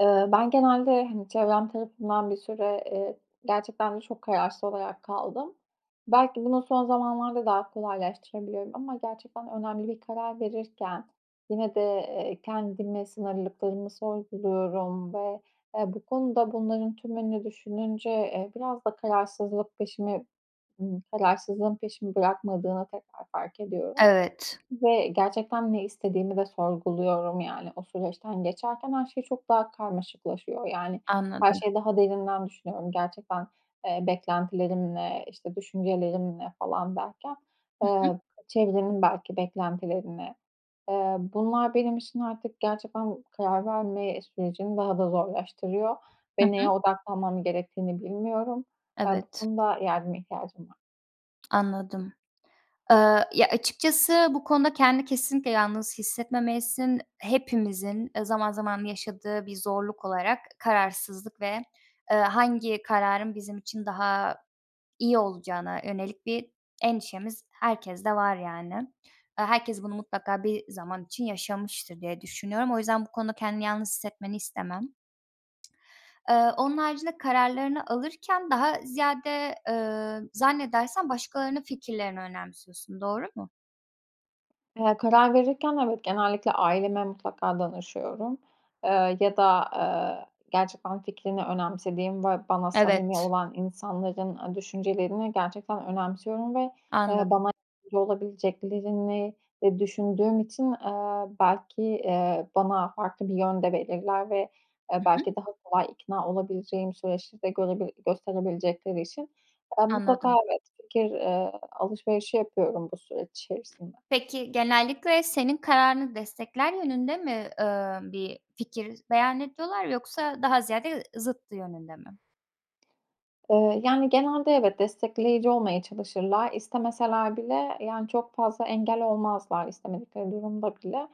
Iıı, ben genelde, hani, çevrem tarafından bir süre, eee, gerçekten de çok kararsız olarak kaldım. Belki bunu son zamanlarda daha kolaylaştırabiliyorum ama gerçekten önemli bir karar verirken yine de, eee, kendime sınırlılıklarımı sorguluyorum ve, eee, bu konuda bunların tümünü düşününce, eee, biraz da kararsızlık peşimi ımm, kararsızlığın peşimi bırakmadığını tekrar fark ediyorum Evet. ve gerçekten ne istediğimi de sorguluyorum. Yani o süreçten geçerken her şey çok daha karmaşıklaşıyor. Yani her Anladım. şeyi daha derinden düşünüyorum. Gerçekten, eee, "Beklentilerim ne?", işte, "Düşüncelerim ne?" falan derken, Hı hı. ııı çevrenin belki beklentileri ne, ııı, bunlar benim için artık gerçekten karar verme sürecini daha da zorlaştırıyor Hı ve hı. neye odaklanmam gerektiğini bilmiyorum. Eee, bu Evet. konuda yardıma ihtiyacım var. Anladım. Iıı, ya, açıkçası bu konuda kendini kesinlikle yalnız hissetmemelisin. Hepimizin, ııı, zaman zaman yaşadığı bir zorluk olarak kararsızlık ve, ııı, hangi kararın bizim için daha iyi olacağına yönelik bir endişemiz herkeste var yani. Iıı, herkes bunu mutlaka bir zaman için yaşamıştır diye düşünüyorum; o yüzden bu konuda kendini yalnız hissetmeni istemem. Iıı, onun haricinde, kararlarını alırken daha ziyade, ııı, zannedersem başkalarının fikirlerini önemsiyorsun, doğru mu? Eee, karar verirken, evet, genellikle aileme mutlaka danışıyorum. Eee, ya da, aaa, gerçekten fikrini önemsediğim ve bana samimi Evet. olan insanların, ııı, düşüncelerini gerçekten önemsiyorum ve, eee, Anladım. bana [unintelligible] olabileceklerini, eee, düşündüğüm için, eee, belki, eee, bana farklı bir yön de belirler ve, eee, Hı hı. belki daha kolay ikna olabileceğim süreçleri de görebil gösterebilecekleri için ben mutlaka, Anladım. evet, fikir, eee, alışverişi yapıyorum bu süreç içerisinde. Peki, genellikle senin kararını destekler yönünde mi, eee, bir fikir beyan ediyorlar yoksa daha ziyade ı zıttı yönünde mi? Iıı, yani, genelde, evet, destekleyici olmaya çalışırlar. İstemeseler bile, yani, çok fazla engel olmazlar istemedikleri durumda bile.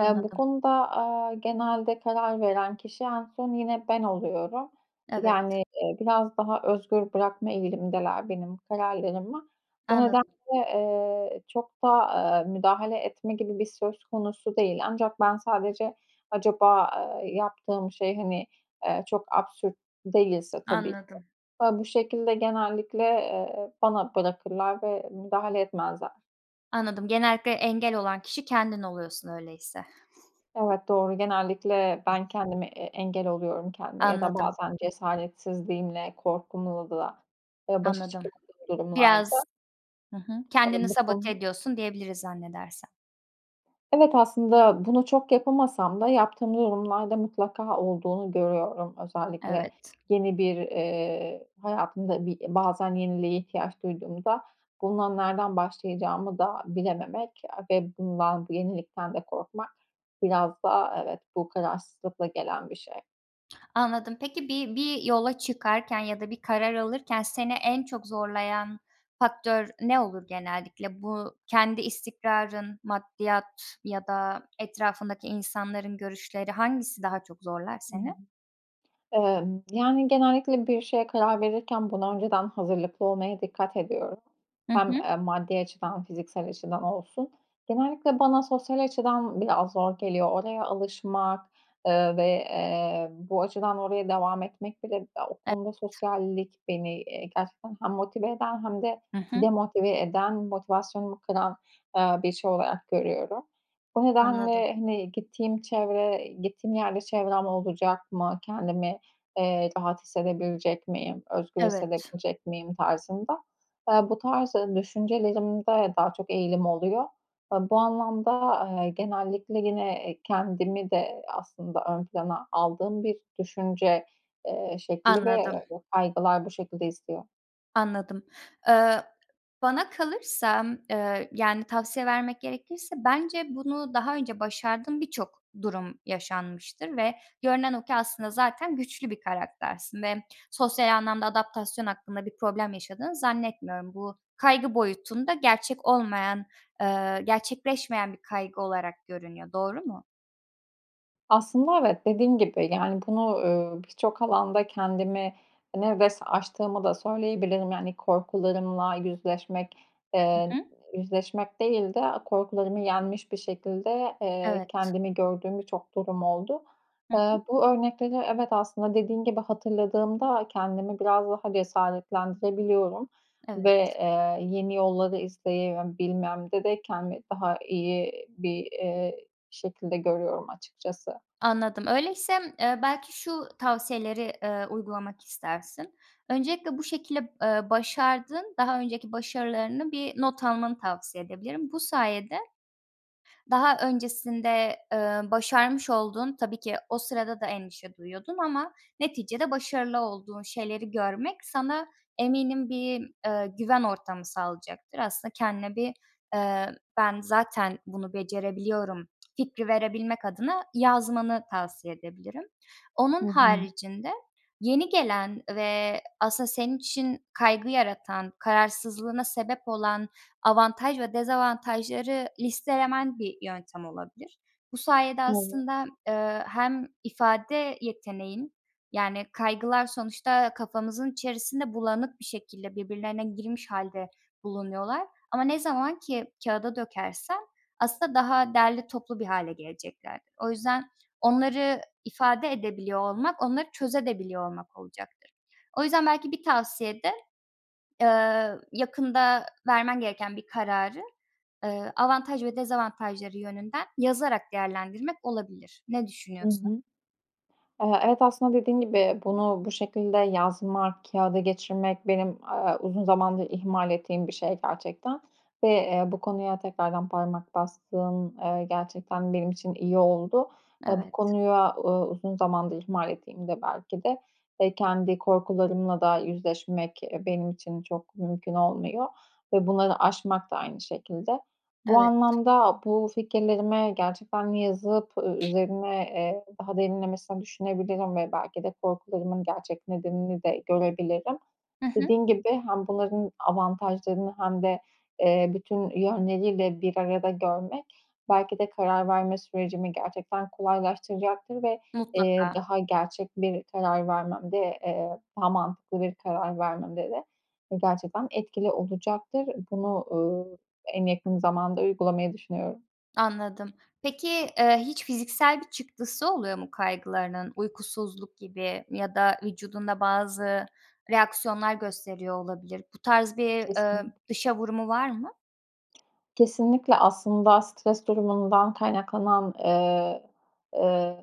Eee, bu konuda, aaa, genelde karar veren kişi en son yine ben oluyorum, Evet. yani, eee, biraz daha özgür bırakma eğilimindeler benim kararlarımı. Bu nedenle, Anladım. eee, çok da, aaa, müdahale etme gibi bir söz konusu değil. Ancak ben sadece acaba, eee, yaptığım şey, hani, eee, çok absürt değilse tabii ki. Anladım. Ha, bu şekilde genellikle, eee, bana bırakırlar ve müdahale etmezler. Anladım, genellikle engel olan kişi kendin oluyorsun, öyleyse. Evet, doğru. Genellikle ben kendime e engel oluyorum. Kendime ya da Anladım. bazen cesaretsizliğimle, korkumla da, eee, başa Anladım. çıkamadığım durumlarda Biraz Hı hı, kendini sabote [unintelligible] ediyorsun diyebiliriz, zannedersem. Evet, aslında bunu çok yapamasam da yaptığım durumlarda mutlaka olduğunu görüyorum. Özellikle Evet. yeni bir, eee, hayatımda bir bazen yeniliğe ihtiyaç duyduğumda bununla nereden başlayacağımı da bilememek a ve bundan, bu yenilikten de korkmak biraz da, evet, bu kararsızlıkla gelen bir şey. Anladım. Peki, bir bir yola çıkarken ya da bir karar alırken seni en çok zorlayan faktör ne olur genellikle? Bu kendi istikrarın, maddiyat ya da etrafındaki insanların görüşleri, hangisi daha çok zorlar seni? Emm, yani, genellikle bir şeye karar verirken buna önceden hazırlıklı olmaya dikkat ediyorum. Hı Hem, hı. eee, maddi açıdan, fiziksel açıdan olsun. Genellikle bana sosyal açıdan biraz zor geliyor. Oraya alışmak, eee, ve, eee, bu açıdan oraya devam etmek bile ya, o Evet. konuda sosyallik beni, eee, gerçekten hem motive eden hem de Hı hı. demotive eden, motivasyonumu kıran, aaa, bir şey olarak görüyorum. Bu Anladım. nedenle, hani, "Gittiğim çevre gittiğim yerde çevrem olacak mı? Kendimi, eee, rahat hissedebilecek miyim? Özgür Evet. hissedebilecek miyim?" tarzında, aaa, bu tarz düşüncelerimde daha çok eğilim oluyor. Eee, bu anlamda, aaa, genellikle yine, eee, kendimi de aslında ön plana aldığım bir düşünce, eee, şekli ve, Anladım. eee, kaygılar bu şekilde istiyor. Anladım. Iıı, bana kalırsa, ııı, yani, tavsiye vermek gerekirse bence bunu daha önce başardığın birçok durum yaşanmıştır ve görünen o ki aslında zaten güçlü bir karaktersin ve sosyal anlamda adaptasyon hakkında bir problem yaşadığını zannetmiyorum. Bu kaygı boyutunda gerçek olmayan, eee, gerçekleşmeyen bir kaygı olarak görünüyor. Doğru mu? Aslında evet, dediğin gibi, yani, bunu, ııı, birçok alanda kendimi ne ves aştığımı da söyleyebilirim. Yani, korkularımla yüzleşmek, Hı eee, hı. yüzleşmek değil de a korkularımı yenmiş bir şekilde, eee, Evet. kendimi gördüğüm birçok durum oldu. Hı hı. Eee, bu örnekleri evet, aslında dediğin gibi hatırladığımda kendimi biraz daha cesaretlendirebiliyorum ve, Evet. eee, yeni yolları izleyebilmemde de kendimi daha iyi bir, eee, şekilde görüyorum açıkçası. Anladım. Öyleyse, eee, belki şu tavsiyeleri, eee, uygulamak istersin. Öncelikle bu şekilde, ııı, başardığın daha önceki başarılarını bir not almanı tavsiye edebilirim. Bu sayede daha öncesinde, eee, başarmış olduğun -tabii ki o sırada da endişe duyuyordun ama neticede başarılı olduğun şeyleri görmek sana eminim bir, eee, güven ortamı sağlayacaktır. Aslında kendine bir, eee, "Ben, zaten bunu becerebiliyorum." fikri verebilmek adına yazmanı tavsiye edebilirim. Hı Onun hı. haricinde yeni gelen ve aslında senin için kaygı yaratan, kararsızlığına sebep olan avantaj ve dezavantajları listelemen bir yöntem olabilir. Bu sayede Evet. aslında, eee, hem ifade yeteneğin, yani, kaygılar sonuçta kafamızın içerisinde bulanık bir şekilde birbirlerine girmiş hâlde bulunuyorlar. Ama ne zaman ki kağıda dökersen aslında daha derli toplu bir hâle geleceklerdir. O yüzden onları ifade edebiliyor olmak, onları çözebiliyor da olmak olacaktır. O yüzden belki bir tavsiye de, aaa, yakında vermen gereken bir kararı, ııı, avantaj ve dezavantajları yönünden yazarak değerlendirmek olabilir. Ne Hı düşünüyorsun? hı. Eee, evet, aslında dediğin gibi bunu bu şekilde yazmak, kâğıda geçirmek benim, aaa, uzun zamandır ihmal ettiğim bir şey gerçekten ve, eee, bu konuya tekrardan parmak bastığın, eee, gerçekten benim için iyi oldu. Ve bu Evet. konuya, uuu, uzun zamandır ihmal ettiğimde belki de ve kendi korkularımla da yüzleşmek, eee, benim için çok mümkün olmuyor ve bunları aşmak da aynı şekilde. Bu Evet. anlamda bu fikirlerimi gerçekten de yazıp üzerine, eee, derinlemesine düşünebilirim ve belki de korkularımın gerçek nedenini de görebilirim. Hı hı. Dediğin gibi hem bunların avantajlarını hem de, eee, bütün yönleriyle bir arada görmek belki de karar verme sürecimi gerçekten kolaylaştıracaktır ve, eee, Mutlaka. daha gerçek bir karar vermemde, eee, daha mantıklı bir karar vermemde de gerçekten etkili olacaktır. Bunu, uuu, en yakın zamanda uygulamayı düşünüyorum. Anladım. Peki, ııı, hiç fiziksel bir çıktısı oluyor mu kaygılarının? Uykusuzluk gibi ya da vücudunda bazı reaksiyonlar gösteriyor olabilir. Bu tarz bir, ımm, Kesinlik dışa vurumu var mı? Kesinlikle, aslında stres durumundan kaynaklanan, ııı, ııı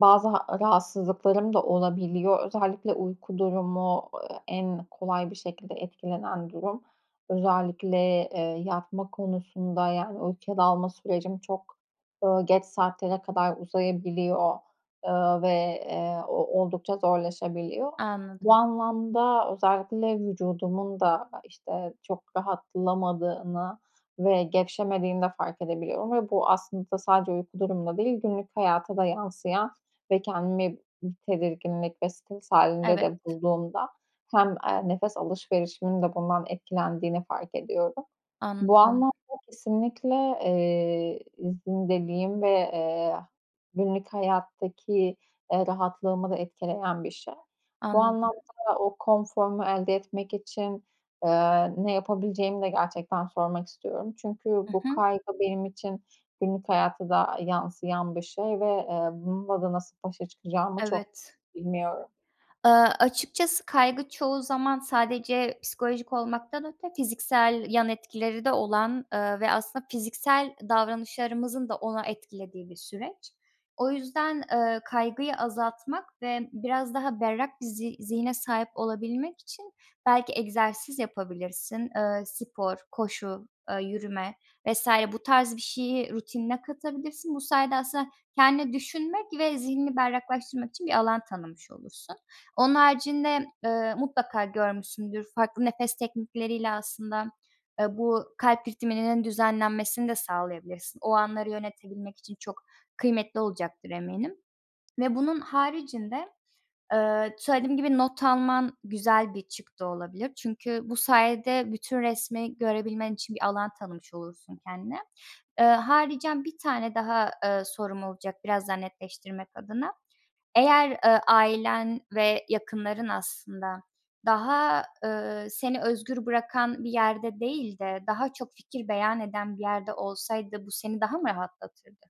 bazı ha rahatsızlıklarım da olabiliyor. Özellikle uyku durumu, ııı, en kolay bir şekilde etkilenen durum. Özellikle, eee, yatma konusunda yani uykuya dalma sürecim çok, ııı, geç saatlere kadar uzayabiliyor, ııı, ve, eee, o oldukça zorlaşabiliyor. Bu Anladım. anlamda özellikle vücudumun da, işte, çok rahatlamadığını ve gevşemediğini de fark edebiliyorum ve bu aslında sadece uyku durumunda değil, günlük hayata da yansıyan ve kendimi bir tedirginlik ve stres hâlinde de Evet. bulduğumda hem, eee, nefes alışverişimin de bundan etkilendiğini fark ediyorum. Bu Anladım. anlamda kesinlikle, eee, izin dediğim ve, eee, günlük hayattaki, ııı, rahatlığımı da etkileyen bir şey. Bu Anladım. anlamda o konforumu elde etmek için, ııı, ne yapabileceğimi de gerçekten sormak istiyorum. Çünkü Hı bu hı. kaygı benim için günlük hayata da, ııı, yansıyan bir şey ve, eee, bununla da nasıl başa çıkacağımı çok Evet. bilmiyorum. Iıı, açıkçası kaygı çoğu zaman sadece psikolojik olmaktan öte fiziksel yan etkileri de olan, ııı, ve aslında fiziksel davranışlarımızın da onu etkilediği bir süreç. O yüzden, ııı, kaygıyı azaltmak ve biraz daha berrak bir zi zihne sahip olabilmek için belki egzersiz yapabilirsin. Iıı, spor, koşu, ııı, yürüme vs. bu tarz bir şeyi rutinine katabilirsin. Bu sayede aslında kendine düşünmek ve zihni berraklaştırmak için bir alan tanımış olursun. Onun haricinde, ııı, mutlaka görmüşsündür, farklı nefes teknikleriyle aslında, ııı, bu kalp ritminin düzenlenmesini de sağlayabilirsin. O anları yönetebilmek için çok kıymetli olacaktır eminim ve bunun haricinde, ııı, söylediğim gibi not alman güzel bir çıktı olabilir. Çünkü bu sayede bütün resmi görebilmen için bir alan tanımış olursun kendine. Iıı, haricen bir tane daha, ııı, sorum olacak biraz daha netleştirmek adına. Eğer, ııı, ailen ve yakınların aslında daha, ııı, seni özgür bırakan bir yerde değil de daha çok fikir beyan eden bir yerde olsaydı bu seni daha mı rahatlatırdı?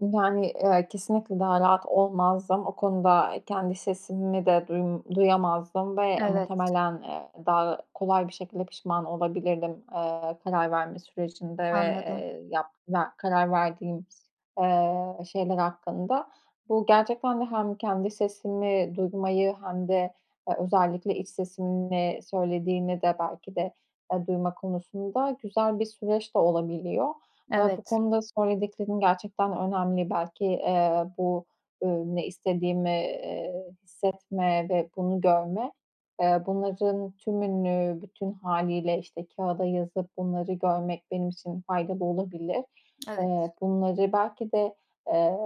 Yani, eee, kesinlikle daha rahat olmazdım. O konuda kendi sesimi de duy duyamazdım ve Evet. muhtemelen, eee, daha kolay bir şekilde pişman olabilirdim, eee, karar verme sürecinde ve, Anladım. eee, yap ya, karar verdiğim, eee, şeyler hakkında. Bu gerçekten de hem kendi sesimi duymayı hem de, eee, özellikle iç sesimin ne söylediğini de belki de, eee, duyma konusunda güzel bir süreç de olabiliyor. Aaa, bu Evet. konuda söylediklerin gerçekten önemli. Belki, eee, bu, ııı, ne istediğimi, eee, hissetme ve bunu görme, eee, bunların tümünü bütün hâliyle işte kâğıda yazıp bunları görmek benim için faydalı olabilir. Evet. Eee, bunları belki de, eee,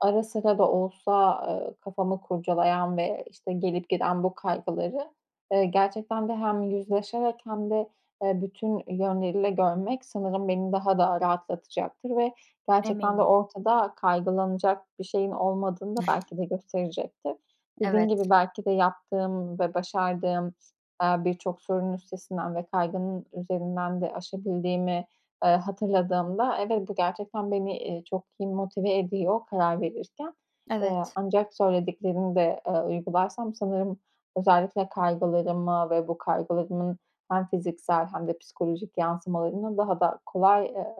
ara sıra da olsa, ııı, kafamı kurcalayan ve, işte, gelip giden bu kaygıları, eee, gerçekten de hem yüzleşerek hem de, eee, bütün yönleriyle görmek sanırım beni daha da rahatlatacaktır ve gerçekten de Eminim. ortada kaygılanacak bir şeyin olmadığını da belki de gösterecektir. Evet. Dediğin gibi belki de yaptığım ve başardığım, eee, birçok sorunun üstesinden ve kaygının üzerinden de aşabildiğimi, eee, hatırladığımda evet, bu gerçekten beni, iii, çok iyi motive ediyor karar verirken. Eee, Evet. ancak söylediklerini de, eee, uygularsam sanırım özellikle kaygılarımı ve bu kaygılarımın hem fiziksel hem de psikolojik yansımalarını daha da kolay, eee,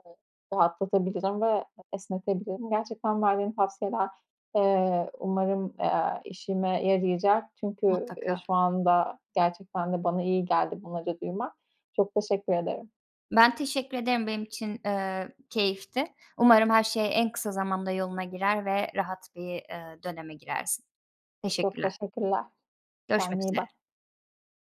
rahatlatabilirim ve esnetebilirim. Gerçekten verdiğin tavsiyeler, eee, umarım, eee, işime yarayacak. Çünkü, eee, Mutlaka. şu anda gerçekten de bana iyi geldi bunları duymak. Çok teşekkür ederim. Ben teşekkür ederim. Benim için, eee, keyifti. Umarım her şey en kısa zamanda yoluna girer ve rahat bir, eee, döneme girersin. Çok Teşekkürler. teşekkürler, Görüşmek kendine iyi üzere. bak.